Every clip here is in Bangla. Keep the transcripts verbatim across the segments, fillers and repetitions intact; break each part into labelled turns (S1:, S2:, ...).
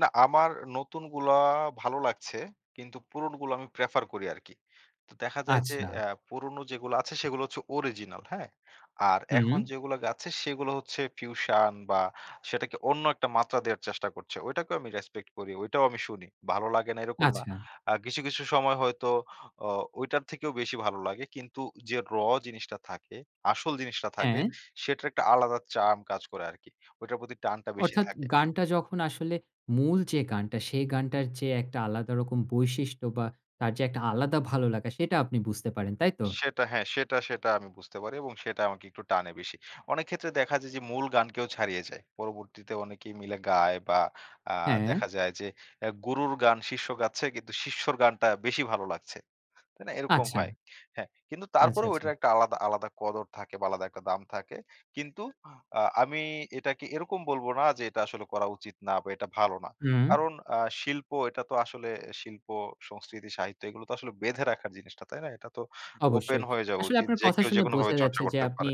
S1: না আমার নতুনগুলা ভালো লাগছে। কিন্তু পুরোনোগুলা আমি Prefer করি আরকি। তো দেখা যায় অ্যা
S2: আচ্ছা।
S1: যে পুরনো যেগুলো আছে, সেগুলা হচ্ছে অরিজিনাল, হ্যাঁ? আর
S2: হুম।
S1: এখন যেগুলা গাচ্ছে সেগুলা হচ্ছে ফিউশান বা সেটাকে অন্য একটা মাত্রা দেওয়ার চেষ্টা করছে। ঐটাকেও আমি রেসপেক্ট করি। ঐটাও আমি শুনি। ভালো লাগে না এরকম না।
S2: আচ্ছা।
S1: আ কিছু, কিছু সময় হয়তো অ ঐটার থেকেও বেশি ভালো লাগে। কিন্তু যে র জিনিসটা থাকে, আসল জিনিসটা থাকে;
S2: হ্যাঁ।
S1: সেটার একটা আলাদা চার্ম কাজ করে আরকি। ওইটার প্রতি টানটা বেশি
S2: অর্থাৎ
S1: থাকে।
S2: গানটা যখন আসলে মূল যে গানটা, সেই গানটার যে একটা আলাদা রকম বৈশিষ্ট্য বা তার যে একটা আলাদা ভালো লাগা সেটা আপনি বুঝতে পারেন, তাই তো?
S1: সেটা হ্যাঁ। সেটা, সেটা আমি বুঝতে পারি এবং সেটা আমাকে একটু টানে বেশি। অনেক ক্ষেত্রে দেখা যায় যে মূল গানকেও ছাড়িয়ে যায়। পরবর্তীতে অনেকেই মিলে গায় বা আ
S2: হ্যাঁ।
S1: দেখা যায় যে এ্যা গুরুর গান শীর্ষ্য গাচ্ছে কিন্তু শিষ্যর গানটা বেশি ভালো লাগছে। তাই না? এরকম
S2: আচ্ছা।
S1: হয়। হ্যাঁ, কিন্তু
S2: আচ্ছা,
S1: তারপরেও
S2: আচ্ছা।
S1: ওইটার একটা আলাদা আলাদা কদর থাকে বা আলাদা একটা দাম থাকে। কিন্তু আ আমি এটাকে এরকম বলব না যে, এটা আসলে করা উচিত না বা এটা ভালো না।
S2: হুম।
S1: কারণ আ শিল্প, এটা তো আসলে শিল্প, সংস্কৃতি, সাহিত্য এগুলো তো আসলে বেঁধে রাখার জিনিস না, তাই না? এটা তো ওপেন
S2: অবশ্যই।
S1: হয়ে যাওয়া
S2: আসলে
S1: উচিত।
S2: আপনার
S1: যে
S2: কথা
S1: কেউ
S2: শুনে
S1: যেকোনোভাবে
S2: বোঝা
S1: চর্চা
S2: যাচ্ছে যে,
S1: করতে
S2: আপনি
S1: পারে।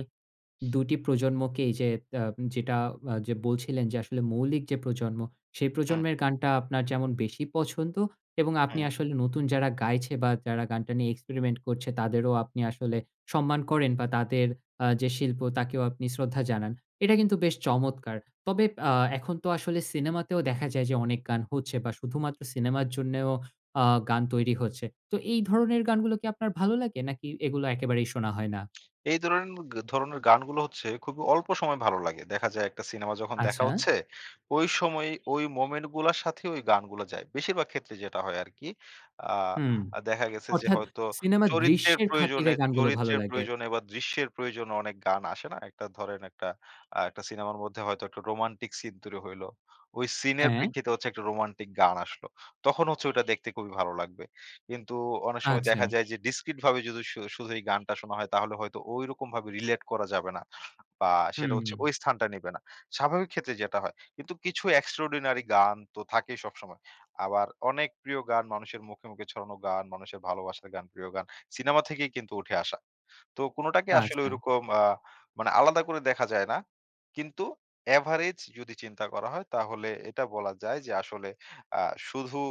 S2: দু টি প্রজন্মকেই যে আ যেটা আ বলছিলেন যে আসলে, মৌলিক যে প্রজন্ম, সে
S1: হুম।
S2: প্রজন্মের গানটা আপনার যেমন বেশি পছন্দ এবং আপনি
S1: হুম।
S2: আসলে নতুন যারা গাইছে বা যারা গানটা নিয়ে experiment করছে, তাদেরও আপনি আসলে সম্মান করেন বা তাদের আ যে শিল্প তাকেও আপনি শ্রদ্ধা জানান। এটা কিন্তু বেশ চমৎকার। তবে আ এখন তো আসলে সিনেমাতেও দেখা যায় যে, অনেক গান হচ্ছে বা শুধুমাত্র সিনেমার জন্যেও আ গান তৈরি হচ্ছে। তো এই ধরনের গানগুলো কি আপনার ভালো লাগে? নাকি এগুলা একেবারেই শোনা হয় না?
S1: এই ধরেন ধরনের গানগুলো হচ্ছে খুবই অল্প সময় ভালো লাগে। দেখা যায় একটা সিনেমা যখন দেখা
S2: আচ্ছা।
S1: হচ্ছে, ওই সময়ই, ওই মোমেন্ট গুলার সাথে ওই গানগুলা যায়। বেশিরভাগ ক্ষেত্রে যেটা হয় আরকি।
S2: হুম।
S1: আ দেখা গেছে যে
S2: অর্থাৎ
S1: হয়তো
S2: সিনেমার
S1: চরিত্রের
S2: দৃশ্যের খাতিরে
S1: প্রয়োজনে
S2: গানগুলো ভালো
S1: চরিত্রের
S2: লাগে।
S1: প্রয়োজনে বা দৃশ্যের প্রয়োজনে অনেক গান আসে না? একটা ধরেন, একটা আ একটা সিনেমার মধ্যে হয়তো একটা রোমান্টিক সিন তৈরি হইলো। ওই সিনের
S2: হ্যাঁ।
S1: প্রেক্ষিতে হচ্ছে একটা রোমান্টিক গান আসলো। তখন হচ্ছে ঐটা দেখতে খুবই ভালো লাগবে। কিন্তু অনেক সময় দেখা
S2: আচ্ছা।
S1: যায় যে Discrete ভাবে যদি সু শুধু এই গানটা শোনা হয়, তাহলে হয়তো ঐরকম ভাবে Relate করা যাবে না। বা সেটা হচ্ছে ঐ
S2: হুম।
S1: স্থানটা নিবে না। স্বাভাবিক ক্ষেত্রে যেটা হয়। কিন্তু কিছু Extraordinary গান তো থাকেই সবসময়। আবার অনেক প্রিয় গান, মানুষের মুখে, মুখে ছড়ানো গান, মানুষের ভালোবাসার গান, প্রিয় গান, সিনেমা থেকেই কিন্তু উঠে আসা। তো কোনোটাকে আসলে
S2: আচ্ছা।
S1: ঐরকম আ মানে আলাদা করে দেখা যায় না। কিন্তু Average যদি চিন্তা করা হয়; তাহলে এটা বলা যায় যে, আসলে আ শুধু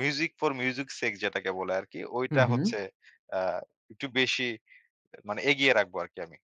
S1: Music for music's sake যেটাকে বলে আরকি, ঐটা
S2: হুম, হুম।
S1: হচ্ছে আ একটু বেশি মানে এগিয়ে রাখবো আরকি আমি।